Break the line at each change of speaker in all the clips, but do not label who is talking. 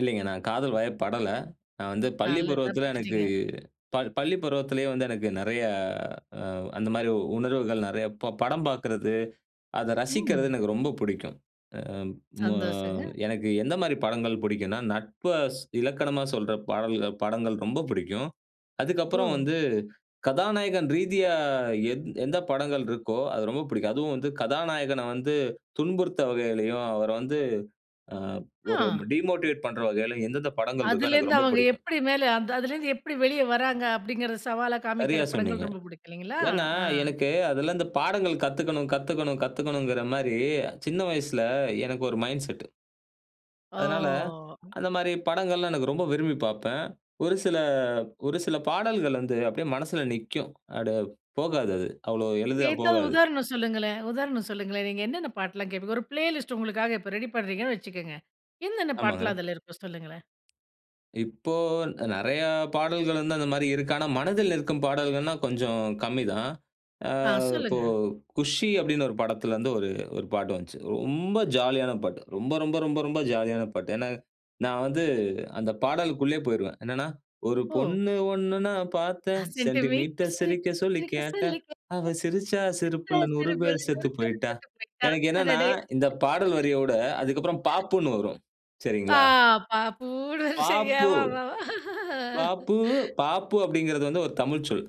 இல்லங்க. நான் காதல் வய படல. "நான் வந்து பள்ளி
நல்லது,
பருவத்தில, எனக்கு
தப்பிச்சிட்டீங்க.
பள் பள்ளி பருவத்திலேயே வந்து எனக்கு நிறைய அ அந்த மாரி உணர்வுகள் நிறைய ப படம் பாக்கறது, அத ரசிக்குறது
ம்.
எனக்கு ரொம்ப பிடிக்கும்." அ மு
சந்தோசங்க.
எனக்கு எந்த மாரி படங்கள் பிடிக்குன்னா நட்பு ஸ் இலக்கணமா சொல்ற பாடல்கள் படங்கள் ரொம்ப பிடிக்கும். அதுக்கப்புறம்
ஓ!
வந்து, கதாநாயகன் ரீதியா எ எந்த படங்கள் இருக்கோ, அது ரொம்ப பிடிக்கும். அதும் வந்து, கதாநாயகன வந்து துன்புறுத்த வகையிலேயும், அவர வந்து, அ ஒரு
ஆ!
டிமோட்டிவேட் பண்ற வகையிலேயும் எந்தெந்த படங்கள் இருக்கோ,
அதுல
எனக்கு
இருந்து
ரொம்ப
அவங்க
பிடிக்கும்.
எப்படி மேல, அதுலயிருந்து எப்படி வெளிய வராங்க அப்படிங்கிற சவாலா காமிக்கிற
சரியா
படங்கள்
சொன்னீங்க.
ரொம்ப பிடிக்கும் இல்லைங்களா?
ஏன்னா,
அ.
எனக்கு அதுல இந்த பாடங்கள் கத்துக்கணும், கத்துக்கணும், கத்துக்கணும்ங்கிற மாரி சின்ன வயசுல எனக்கு ஒரு மைண்ட்செட். அதனால
ஓ!
அந்த மாரி படங்கள்லாம் எனக்கு ரொம்ப விரும்பி பாப்பேன். ஒரு சில ஒரு சில பாடல்கள் வந்து அப்டியே மனசுல நிக்கும். அட போகாது அது, அவ்ளோ எளிதா
ஏதாவது
போகாது.
உதாரணம் சொல்லுங்களேன், உதாரணம் சொல்லுங்களேன். நீங்க என்னென்ன பாட்டெல்லாம் கேப்பீங்க. ஒரு பிளேலிஸ்ட் உங்களுக்காக இப்ப ரெடி பண்றீங்கன்னு வச்சுக்குங்க, என்னென்ன பாட்டுலாம்
ஆமாங்க.
அதுல இருக்கும் சொல்லுங்களேன்.
இப்போ நிறைய பாடல்கள் வந்து அந்த மாரி இருக்கு. ஆனா மனதில் நிற்க்கும் பாடல்கள்னா கொஞ்சம் கம்மிதான். ஆ
ஆ
இப்போ
சொல்லுங்க.
குஷி அப்படின்னு ஒரு படத்துல இருந்து ஒரு ஒரு பாட்டு வந்துச்சு. ரொம்ப ஜாலியான பாட்டு. ரொம்ப, ரொம்ப, ரொம்ப, ரொம்ப ஜாலியான பாட்டு. ஏன்னா நான் வந்து அந்த பாடல்குள்ளேயே போயிருவேன். என்னன்னா ஒரு
ஓ!
பொண்ணு ஒண்ணு நான் பாத்தேன்
சென்டிமீட்டர்.
சென்டிமீட்டர் சிரிக்க சொல்லி
சிரிக்க
கேட்டேன்.
சொல்லி கேட்டேன்,
அவ சிரிச்சா
சிரிச்சா
சிரிப்புல 100
சிரிப்புல
பேரு
100
செத்து
பேரு
போயிட்டா.
செத்து போயிட்டா.
எனக்கு என்னன்னா
அடடே!
இந்த பாடல் வரியோட அதுக்கப்புறம் பாப்புன்னு வரும்
பா
சரிங்களா.
பாப்புனு [unintelligible]
பாப்பு
ஆமாமா, அ.
பாப்பு, பாப்பு அப்படிங்கிறது வந்து ஒரு தமிழ் சொல்.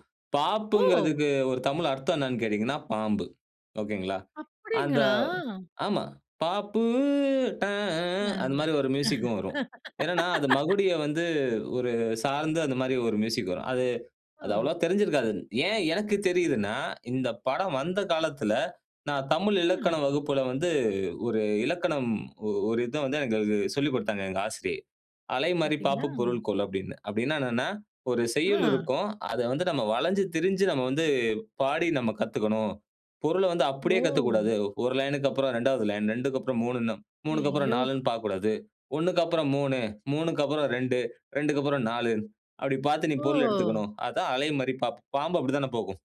ஓ!
பாப்புங்கிறதுக்கு ஒரு தமிழ் அர்த்தம் என்னன்னு கேட்டீங்கன்னா, பாம்பு. ஒகேங்களா. அந்த
அப்படிங்களா?
ஆமா. பாப்பு ட அ ஆஹ். அந்த
ம்.
மாரி ஒரு மியூசிக்கும் வரும். என்னன்னா அது மகுடிய வந்து ஒரு சார்ந்து அந்த மாரி ஒரு மியூசிக் வரும். அது அது அவ்வளவா
ம்.
தெரிந்சிருக்காது. ஏன் எனக்கு தெரியுதுன்னா இந்த படம் வந்த காலத்துல நான் தமிழ் இலக்கண
ம்.
வகுப்புல வந்து ஒரு இலக்கணம் ஒரு இத வந்து எங்களுக்கு சொல்லிக் கொடுத்தாங்க எங்க ஆசிரியை. அலைமாறி பாப்பு
பாத்தீங்களா?
பொருள் கொள் அப்படின்னு, அப்படின்னா என்னன்னா ஒரு செய்யுள்
ம்.
இருக்கும். அத வந்து நாம வளஞ்சு திரிஞ்சு நாம வந்து பாடி நம்ம கத்துக்கணும். பொருள வந்து அப்படியே
ஓ!
கத்துக்கக்கூடாது. ஒரு லைன்க்கு அப்றம் 2வது லைன், 2க்கப்புறம் 3ன்னு, 3க்கு அப்புறம்
ஐயோ!
4ன்னு பாக்கக்கூடாது. 1க்கு அப்புறம் 3 3க்கு அப்புறம் 2 2க்கு அப்புறம் 4 அப்படி பாத்து நீ பொருள்
ஓ!
எடுத்துக்கணும். அதான் அலை மாரி பாப் பாம்பு அப்படித்தானே போகும்.